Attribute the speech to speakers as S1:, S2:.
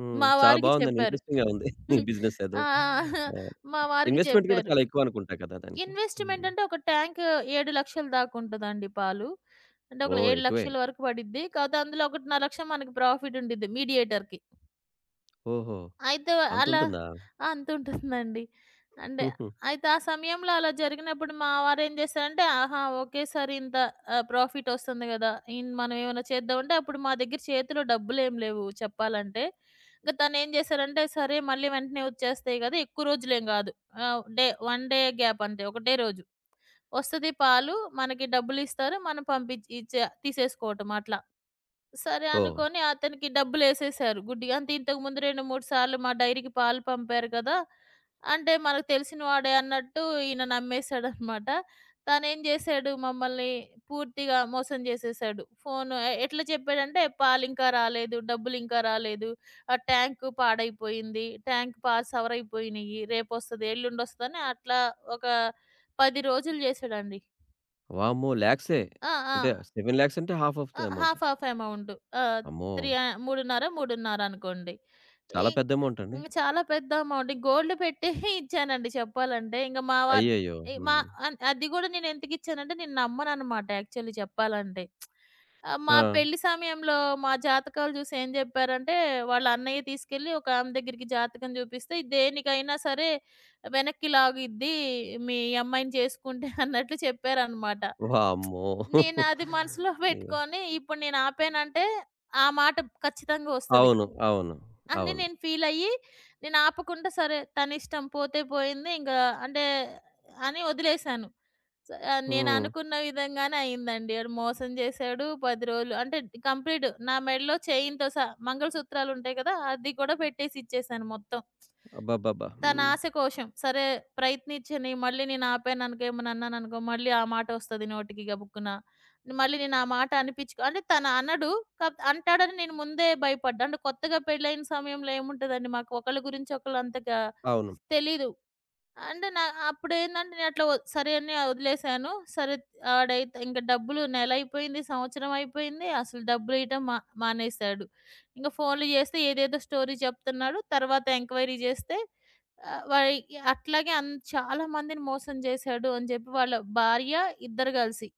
S1: హ్మ్.
S2: మా
S1: చాలా
S2: వారికి
S1: బావుందండి.
S2: చెప్పారు.
S1: ఇంట్రెస్టింగ్‌గా ఉంది. ఈ
S2: హ్మ్,
S1: బిజినెస్ ఏదో.
S2: ఆహ్,
S1: ఆ!
S2: మా వారికి
S1: ఇన్వెస్ట్‌మెంట్ గూడా
S2: చెప్పారు.
S1: చాలా ఎక్కువనుకుంటా గదా! దానికి. హ్మ్.
S2: ఇన్వెస్ట్‌మెంటంటే, ఒక టాంకు 7,00,000ల దాకుంటదండి పాలు. అంటే ఒకేల
S1: ఓహ్!
S2: ఏడు
S1: ఎక్కువే.
S2: లక్షల వరకు బడిద్ది. కాపోతే అందులో 1,50,000 మనకు ప్రాఫిటుండిద్ది మీడియేటర్‌కి.
S1: ఓహో!
S2: అయితే అలా
S1: అంతుంటుందా?
S2: ఆ! అంతుంటుందండి. అంటే,
S1: హుహు.
S2: అయితే ఆ సమయంలో అలా జరిగినప్పుడు మా వారేం జేసారంటే ఆహా! ఒకేసారి ఇంత ఆహ్, ప్రాఫిటొస్తుంది గదా! ఇన్ మనవేవన్నా చేద్దామంటే అప్పుడు మా దగ్గర చేతిలో డబ్బులేమి లేవు చెప్పాలంటే. ఇంక తనేం జేసారంటే, సరే. మళ్ళీ వెంటనే ఒచ్చేస్తాయి గదా! ఎక్కువ రోజులేం గాదు. ఆహ్, డే వన్ డే గ్యాపంతే. ఒకటే రోజు. ఒస్తది పాలు, మనకి డబ్బులిస్తారు. మనం పంపిచ్చి ఇచ్చా తీసేసుకోవటం అట్లా. సరే!
S1: ఓహ్!
S2: అనుకోని అతనికి డబ్బులేసేసారు గుడ్డిగా. అంటే ఇంతకుముందు రెండు, మూడు సార్లు మా డైరీకి పాలు పంపారు కదా! అంటే మనకు తెలిసిన వాడే అన్నట్టు ఈయన నమ్మేసాడనమాట. తనేం జేసాడు మమ్మల్ని, పూర్తిగా మోసం జేసేసాడు. ఫోను ఎ ఎట్లా చెప్పాడంటే, "పాలింకా రాలేదు. డబ్బులింకా రాలేదు. ఆ ట్యాంకు పాడైపోయింది. Tank pass సవరయిపోయినయి. రేపొస్తది, ఎల్లుండొస్తది" అని అట్లా ఒక 10 రోజులు జేసాడండి.
S1: వామ్మో! లాక్సే!
S2: ఆ!
S1: అంటే,
S2: ఆ!
S1: 7,00,000 అంటే హాఫ్ ఆఫ్ ద
S2: ఆ!
S1: Amount.
S2: Half, half amount. Ah,
S1: అమ్మో!
S2: 3 య 3.5, 3.5 అనుకోండి. ఇ
S1: చాలా పెద్ద అమౌంటండి.
S2: ఇంగ చాలా పెద్ద అమౌంట్, గోల్డ్ పెట్టి ఇచ్చానండి చెప్పాలంటే. ఇంక మా వారు
S1: అయ్యయ్యో!
S2: ఇ మా
S1: హ్మ్.
S2: అన్ అది గూడా నేనెందుకు ఇచ్చానంటే, నేను నమ్మననమాట యాక్చువల్లీ చెప్పాలంటే. ఆహ్, మా
S1: ఆ!
S2: పెళ్లి సమయంలో మా జాతకాలు జూసి ఏం జెప్పారంటే వాళ్ళ అన్నయ్య తీసుకెళ్ళి ఒకామె దగ్గరికి జాతకం జూపిస్తే, "ఇది దేనికైనా సరే వెనక్కి లాగిద్ది మీ అమ్మాయిని చేసుకుంటే" అన్నట్లు చెప్పారనమాట.
S1: వామ్మో!
S2: నేనది మనసులో
S1: అయ్యో!
S2: పెట్టుకొని ఇప్పుడు నేను ఆపానంటే ఆ మాట ఖచ్చితంగా ఒస్తది.
S1: అవును. అవును.
S2: అని
S1: అవును.
S2: నేను ఫీలయ్యి నేను ఆపకుండా సరే. తనిష్టం పోతే పోయింది. ఇంకా అంటే అని ఒదిలేశాను. స
S1: హ్మ్.
S2: నేననుకున్న విధంగానే అయిందండి. ఆడు మోసం జేశాడు. 10 రోలు అంటే, డి కంప్లీటు నా మెడలో చైన్‌తో సహా మంగళసూత్రాలుంటాయి గదా! అది కూడా పెట్టేసిచ్చేశాను మొత్తం.
S1: అబ్బబ్బబ్బా!
S2: తన
S1: హ్మ్.
S2: ఆస కోశం. సరే. ప్రయత్నిచ్చని మళ్ళీ నేనాపాననుకో, ఏమన్నా అన్నాననుకో, మళ్ళీ ఆ మాటొస్తది నోటికి గబుక్కున. మళ్ళీ నేను ఆ మాట అనిపిచ్చుకో అంటే తను అనడు. కాపోతే అంటాడని నేను ముందే భయపడ్డా. అంటే కొత్తగా పెళ్లయిన సమయంలో ఏముంటదండి. మాకు ఒకళ్ళ గురించి ఒకళ్ళు అంతగా
S1: అవును.
S2: తెలీదు. అంటే న అప్పుడేందంటే నేనట్లా ఒద్ సరే. అని ఒదిలేసాను సరే. త్ ఆడైతే ఇంక డబ్బులు నెలయిపోయింది. సంవత్సరం అయిపోయింది. అసలు డబ్బులియ్యటం మ మానేసాడు. ఇంక ఫోన్లు జేస్తే ఏదేదో స్టోరీ చెప్తున్నాడు. తరువాత ఎంక్వైరీ జేస్తే ఆహ్, వయ్ అట్లాగే అన్ చాలా మందిని మోసం జేసాడు అని జెప్పి వాళ్ళ భార్య ఇద్దరు గలిసి.